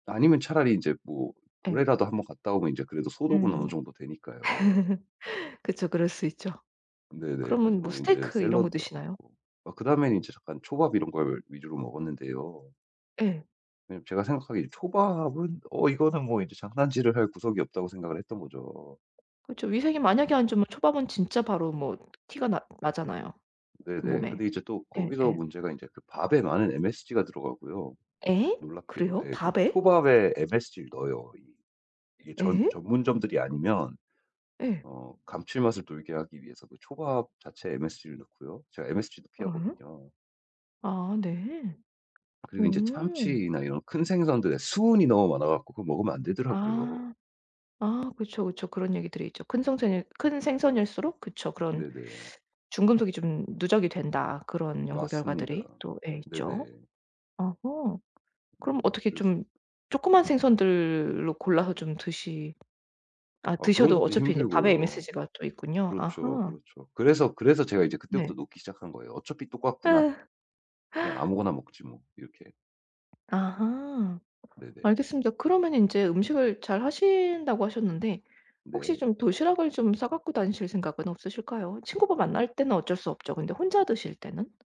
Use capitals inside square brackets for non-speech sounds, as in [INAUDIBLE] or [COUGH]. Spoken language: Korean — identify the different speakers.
Speaker 1: 아니면 차라리 인제 뭐
Speaker 2: 예.
Speaker 1: 물에라도 1 번 갔다 오면 인제 그래도 소독은 어느
Speaker 2: 음.
Speaker 1: 정도 되니까요.
Speaker 2: [LAUGHS] 그쵸. 그럴 수 있죠.
Speaker 1: 네네. 그래서
Speaker 2: 그러면 뭐
Speaker 1: 뭐 인제
Speaker 2: 스테이크 이런 거
Speaker 1: 샐러드도 안
Speaker 2: 드시나요?
Speaker 1: 먹고 막 그다음엔 이제 잠깐 초밥 이런 걸 위주로 먹었는데요.
Speaker 2: 예.
Speaker 1: 왜냐면 제가 생각하기에 이 초밥은 어 이거는 뭐 이제 장난질을 할 구석이 없다고 생각을 했던 거죠.
Speaker 2: 그쵸. 위생이 만약에 안 좋으면 초밥은 진짜 바로 뭐 티가 나 나잖아요.
Speaker 1: 네네.
Speaker 2: 몸에.
Speaker 1: 근데 이제 또 거기서
Speaker 2: 예예.
Speaker 1: 문제가 인제 그 밥에 많은 msg가 들어가고요.
Speaker 2: 예?
Speaker 1: 놀랍게도
Speaker 2: 그래요?
Speaker 1: 예 그
Speaker 2: 밥에?
Speaker 1: 초밥에 msg를 넣어요. 이 이게 전
Speaker 2: 예?
Speaker 1: 전문점들이 아니면
Speaker 2: 예.
Speaker 1: 어 감칠맛을 돌게 하기 위해서 그 초밥 자체에 msg를 넣고요. 제가 msg도
Speaker 2: 어?
Speaker 1: 피하거든요.
Speaker 2: 아 네.
Speaker 1: 그리고 인제
Speaker 2: 오.
Speaker 1: 참치나 이런 큰 생선들에 수은이 너무 많아 갖고 그거 먹으면 안 되더라고요.
Speaker 2: 아. 아 그쵸, 그쵸. 그런 얘기들이 있죠. 큰 성샌일 큰 생선일수록 그쵸 그런
Speaker 1: 네네.
Speaker 2: 중금속이 좀 누적이 된다 그런 연구
Speaker 1: 맞습니다.
Speaker 2: 결과들이 또 예 있죠.
Speaker 1: 네네.
Speaker 2: 오호. 그럼
Speaker 1: 네네.
Speaker 2: 어떻게
Speaker 1: 그렇습
Speaker 2: 좀 조그만 생선들로 골라서 좀 드시 아
Speaker 1: 아 그런
Speaker 2: 드셔도
Speaker 1: 것도
Speaker 2: 어차피 이제 밥에
Speaker 1: 힘들고요.
Speaker 2: msg가 또 있군요.
Speaker 1: 그렇죠,
Speaker 2: 아하.
Speaker 1: 그렇죠. 그래서 그래서 제가 이제 그때부터
Speaker 2: 네.
Speaker 1: 놓기 시작한 거예요. '어차피 똑같구나.
Speaker 2: 으.
Speaker 1: 그냥
Speaker 2: [GASPS]
Speaker 1: 아무거나 먹지.' 뭐 이렇게.
Speaker 2: 아하.
Speaker 1: 네네.
Speaker 2: 알겠습니다. 그러면은 이제 음식을 잘 하신다고 하셨는데 혹시
Speaker 1: 네.
Speaker 2: 좀 도시락을 좀 싸 갖고 다니실 생각은 없으실까요? 친구하고 만날 때는 어쩔 수 없죠. 근데 혼자 드실 때는?